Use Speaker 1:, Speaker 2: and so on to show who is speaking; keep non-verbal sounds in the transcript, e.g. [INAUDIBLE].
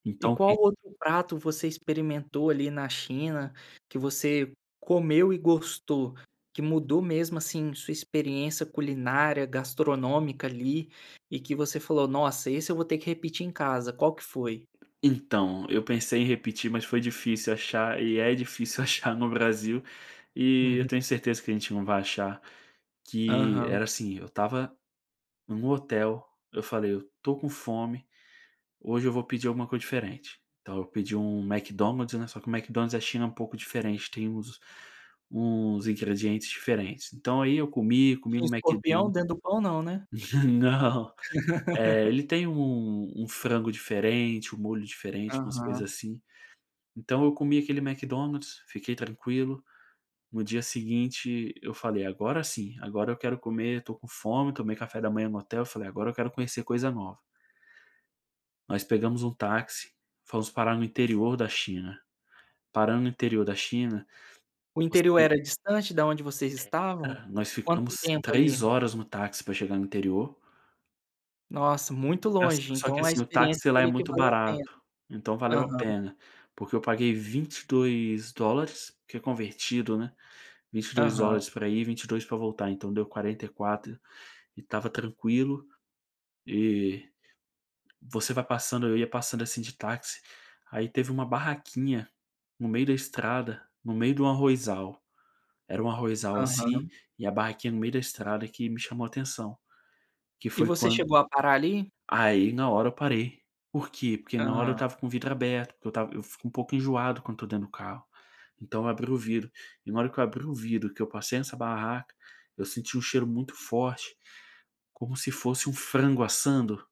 Speaker 1: E
Speaker 2: Então
Speaker 1: qual
Speaker 2: que
Speaker 1: outro prato você experimentou ali na China, que você comeu e gostou, que mudou mesmo, assim, sua experiência culinária, gastronômica ali e que você falou: "Nossa esse eu vou ter que repetir em casa.", qual que foi?
Speaker 2: Então, eu pensei em repetir, mas foi difícil achar e é difícil achar no Brasil e eu
Speaker 1: Uhum.
Speaker 2: tenho certeza que a gente não vai achar. Que
Speaker 1: Aham.
Speaker 2: era, assim, eu estava em um hotel, eu falei: "Eu estou com fome, hoje eu vou pedir alguma coisa diferente", então eu pedi um McDonald's, né, só que o McDonald's da China é um pouco diferente, tem os uns ingredientes diferentes. Então aí eu comi, comi
Speaker 1: Tinha
Speaker 2: um Mcdon
Speaker 1: escorpião dentro do pão não, né?
Speaker 2: [LAUGHS] não, eh,
Speaker 1: [LAUGHS]
Speaker 2: ele tem um um frango diferente, um molho diferente, umas coisas
Speaker 1: Aham.
Speaker 2: assim. Então eu comi aquele Mcdonald's, fiquei tranquilo, no dia seguinte eu falei: "Agora sim, agora eu quero comer, estou com fome", tomei café da manhã no hotel, falei: "Agora eu quero conhecer coisa nova". Nós pegamos um táxi, fomos parar no interior da China. Parando no interior da china
Speaker 1: O interior
Speaker 2: você
Speaker 1: era distante da onde vocês
Speaker 2: É.
Speaker 1: estavam?
Speaker 2: Ah, nós
Speaker 1: Quanto
Speaker 2: ficamos
Speaker 1: tempo
Speaker 2: 3
Speaker 1: ali?
Speaker 2: horas no táxi pra chegar no interior.
Speaker 1: Nossa, muito
Speaker 2: As
Speaker 1: longe.
Speaker 2: só que,
Speaker 1: Então a
Speaker 2: assim, o
Speaker 1: experiência
Speaker 2: táxi lá é
Speaker 1: teria que
Speaker 2: muito
Speaker 1: valer a pena.
Speaker 2: barato, então valeu a
Speaker 1: Aham.
Speaker 2: pena, porque eu paguei 22 dólares, que convertido né, 22
Speaker 1: Aham.
Speaker 2: dólares pra ir, 22 pra voltar, então deu 44 e estava tranquilo. E você vai passando eu ia passando, assim, de táxi, aí teve uma barraquinha no meio da estrada, no meio do arrozal, era um arrozal, assim,
Speaker 1: Aham.
Speaker 2: e a barraquinha no meio da estrada que me chamou atenção, que
Speaker 1: E
Speaker 2: foi
Speaker 1: você
Speaker 2: quan
Speaker 1: chegou a parar ali?
Speaker 2: Aí na hora eu parei. Por quê? Porque na hora eu
Speaker 1: Aham.
Speaker 2: estava com o vidro aberto, porque eu esta eu fico um pouco enjoado quando estou dentro do carro. Então eu abri o vidro e na hora que eu abri o vidro que eu passei nessa barraca, eu senti um cheiro muito forte, como se fosse um frango assando.